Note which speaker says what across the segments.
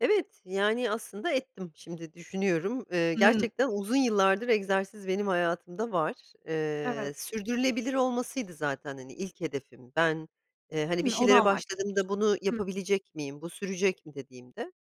Speaker 1: Evet, yani aslında ettim. Şimdi düşünüyorum. Eee,
Speaker 2: Hıı.
Speaker 1: gerçekten uzun yıllardır, egzersiz benim hayatımda var. Eee,
Speaker 2: Evet.
Speaker 1: sürdürülebilir olmasıydı zaten hani, ilk hedefim. Ben, eee, hani, bir
Speaker 2: Hımm, onu
Speaker 1: şeylere başladığımda
Speaker 2: amaçlamıştın.
Speaker 1: bunu
Speaker 2: Hı hı.
Speaker 1: yapabilecek miyim, bu sürecek mi dediğimde,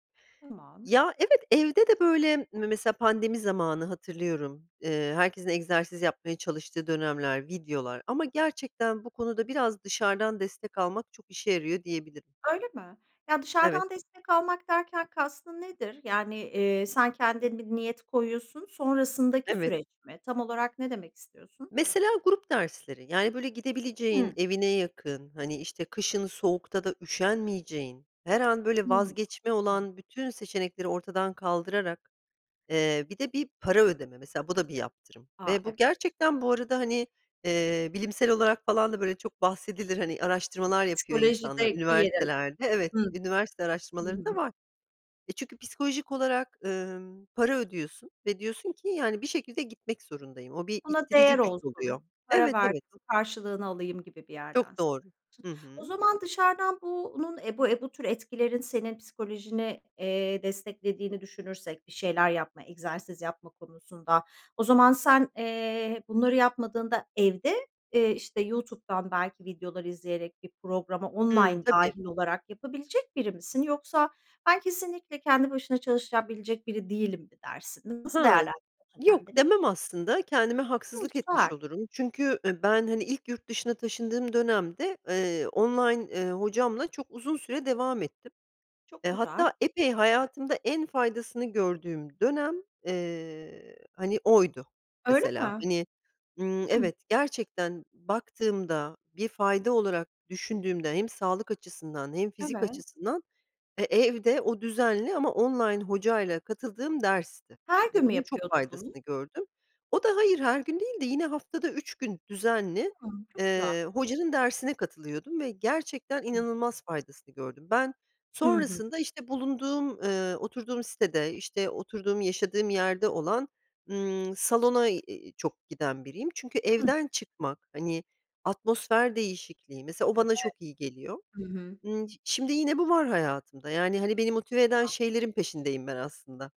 Speaker 2: Tamam.
Speaker 1: ya, evet, evde de böyle me mesela pandemi zamanı hatırlıyorum. Eee, herkesin egzersiz yapmaya çalıştığı dönemler, videolar ama gerçekten bu konuda biraz dışarıdan destek almak, çok işe yarıyor diyebilirim.
Speaker 2: Öyle mi? Ya,
Speaker 1: Evet.
Speaker 2: dışarıdan destek almak derken, kastın nedir? Yani, eee, sen kendin bir niyet koyuyorsun, sonrasındaki
Speaker 1: Evet.
Speaker 2: süreç mi? Tam olarak ne demek istiyorsun?
Speaker 1: Mesela grup dersleri; yani, böyle gidebileceğin,
Speaker 2: Hıı.
Speaker 1: evine yakın, hani, işte kışın soğukta da üşenmeyeceğin, her an böyle
Speaker 2: Hımm.
Speaker 1: vazgeçme
Speaker 2: [unintelligible]
Speaker 1: olan bütün seçenekleri ortadan kaldırarak, eee, bir de bir para ödeme mesela, bu da bir yaptırım
Speaker 2: A,
Speaker 1: ve
Speaker 2: ev
Speaker 1: bu gerçekten, bu arada hani, eee, bilimsel olarak falan da böyle çok bahsedilir hani, araştırmalar yapıyor insanlar
Speaker 2: Psikolojideki yeri.
Speaker 1: üniversitelerde. Evet
Speaker 2: Hı.
Speaker 1: üniversite
Speaker 2: Hı
Speaker 1: araştırmalarında
Speaker 2: hı.
Speaker 1: var. E, çünkü psikolojik olarak, ımm, para ödüyorsun ve diyorsun ki yani, bir şekilde gitmek zorundayım. O bir
Speaker 2: Buna
Speaker 1: ittirici
Speaker 2: değer
Speaker 1: güç oluyor.
Speaker 2: olsun, para
Speaker 1: Evet, evet.
Speaker 2: verdim, karşılığını alayım gibi bir yerden
Speaker 1: Çok
Speaker 2: söylüyorsun.
Speaker 1: doğru. Hı
Speaker 2: O
Speaker 1: hı.
Speaker 2: zaman dışarıdan bunun, eee, bu, eee, bu tür etkilerin senin psikolojini, eee, desteklediğini düşünürsek; bir şeyler yapma, egzersiz yapma konusunda, o zaman sen, eee, bunları yapmadığında evde, eee, işte YouTube'dan belki videolar izleyerek, bir programa
Speaker 1: Hımm.
Speaker 2: online
Speaker 1: Tabii.
Speaker 2: dâhil olarak, yapabilecek biri misin? Yoksa, ben kesinlikle kendi başına çalışabilecek biri değilim mi dersin? Nasıl
Speaker 1: Ha,
Speaker 2: değerlendiriyorsun
Speaker 1: yok
Speaker 2: kendini?
Speaker 1: demem aslında kendime
Speaker 2: Hımm,
Speaker 1: haksızlık etmiş
Speaker 2: güzel.
Speaker 1: olurum. Çünkü, ııı, ben hani ilk yurt dışına taşındığım dönemde, eee, online, eee, hocamla çok uzun süre devam ettim. Eee,
Speaker 2: Çok güzel.
Speaker 1: hatta epey hayatımda en faydasını gördüğüm dönem, eee, hani, oydu
Speaker 2: Öyle
Speaker 1: mesela.
Speaker 2: mi?
Speaker 1: Hani, ımm,
Speaker 2: Hımm.
Speaker 1: evet, gerçekten baktığımda, bir fayda olarak düşündüğümde hem sağlık açısından hem fizik
Speaker 2: Evet.
Speaker 1: açısından, e, evde o düzenli ama online hocayla katıldığım dersti
Speaker 2: Her
Speaker 1: ve
Speaker 2: gün mü
Speaker 1: bunun çok
Speaker 2: yapıyordun, bunu?
Speaker 1: faydasını gördüm. O da, hayır, her gün değildi. Yine haftada 3 gün düzenli,
Speaker 2: Hımm, çok güzel.
Speaker 1: eee, hocanın dersine katılıyordum ve gerçekten
Speaker 2: Hı hı.
Speaker 1: inanılmaz faydasını gördüm. Ben
Speaker 2: Hı hı.
Speaker 1: sonrasında işte bulunduğum, ııı, oturduğum sitede, işte oturduğum, yaşadığım yerde olan, ımm, salona, iii, çok giden biriyim. Çünkü
Speaker 2: Hıh.
Speaker 1: evden çıkmak, hani atmosfer değişikliği, mesela, o
Speaker 2: Evet.
Speaker 1: bana çok iyi geliyor.
Speaker 2: Hı hı.
Speaker 1: Imm, ş şimdi yine bu var hayatımda, yani, hani beni motive eden
Speaker 2: [unintelligible]
Speaker 1: şeylerin peşindeyim ben aslında.